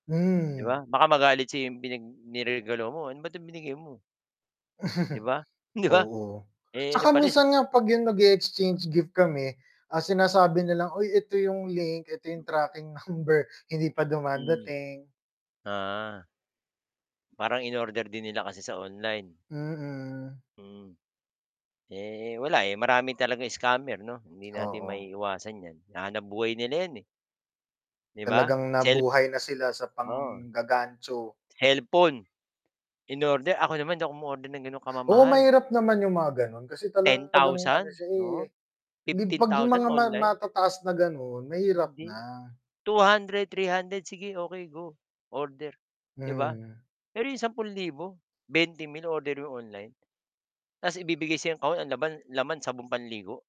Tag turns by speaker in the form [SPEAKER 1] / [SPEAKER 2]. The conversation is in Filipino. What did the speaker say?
[SPEAKER 1] 'Di ba?
[SPEAKER 2] Hmm.
[SPEAKER 1] Baka magalit sim binig niregaluhan mo, "Ano ba tong yung binigay mo?" 'Di ba, 'di ba?
[SPEAKER 2] Oo,
[SPEAKER 1] Eh,
[SPEAKER 2] tsaka
[SPEAKER 1] nagpalis
[SPEAKER 2] minsan nga 'pag yung mag-exchange gift kami, ah, sinasabi nalang, "Uy eto yung link. Eto yung tracking number hindi pa
[SPEAKER 1] Mm,
[SPEAKER 2] dumadating."
[SPEAKER 1] ah. Parang in-order din nila kasi sa online.
[SPEAKER 2] Mm.
[SPEAKER 1] Mm. Eh, wala eh, marami talagang scammer 'no, hindi natin
[SPEAKER 2] Oo.
[SPEAKER 1] maiiwasan 'yan, hanap buhay nila 'yan, 'di ba?
[SPEAKER 2] Talagang
[SPEAKER 1] Cellp
[SPEAKER 2] nabuhay na sila sa
[SPEAKER 1] oo.
[SPEAKER 2] pangga-gancho.
[SPEAKER 1] cellphone, in-order, ako naman hindi ako um-order ng ganong
[SPEAKER 2] Oo,
[SPEAKER 1] kamamahal.
[SPEAKER 2] mahirap naman yung mga ganun kasi tala
[SPEAKER 1] ten
[SPEAKER 2] talagang ano
[SPEAKER 1] thousand,
[SPEAKER 2] siya
[SPEAKER 1] oo,
[SPEAKER 2] eh, 'di
[SPEAKER 1] fifteen
[SPEAKER 2] 'pag yung
[SPEAKER 1] thousand
[SPEAKER 2] mga ma
[SPEAKER 1] online.
[SPEAKER 2] matataas na ganon mahirap
[SPEAKER 1] Hindi,
[SPEAKER 2] na.
[SPEAKER 1] 200, 300 sige okey go, order, 'di ba?
[SPEAKER 2] Hmm.
[SPEAKER 1] Pero 'yong ₱10,000, 20,000 o-orderin mo online, tas ibibigay sa'yong kahon ang laman laman sabong panligo.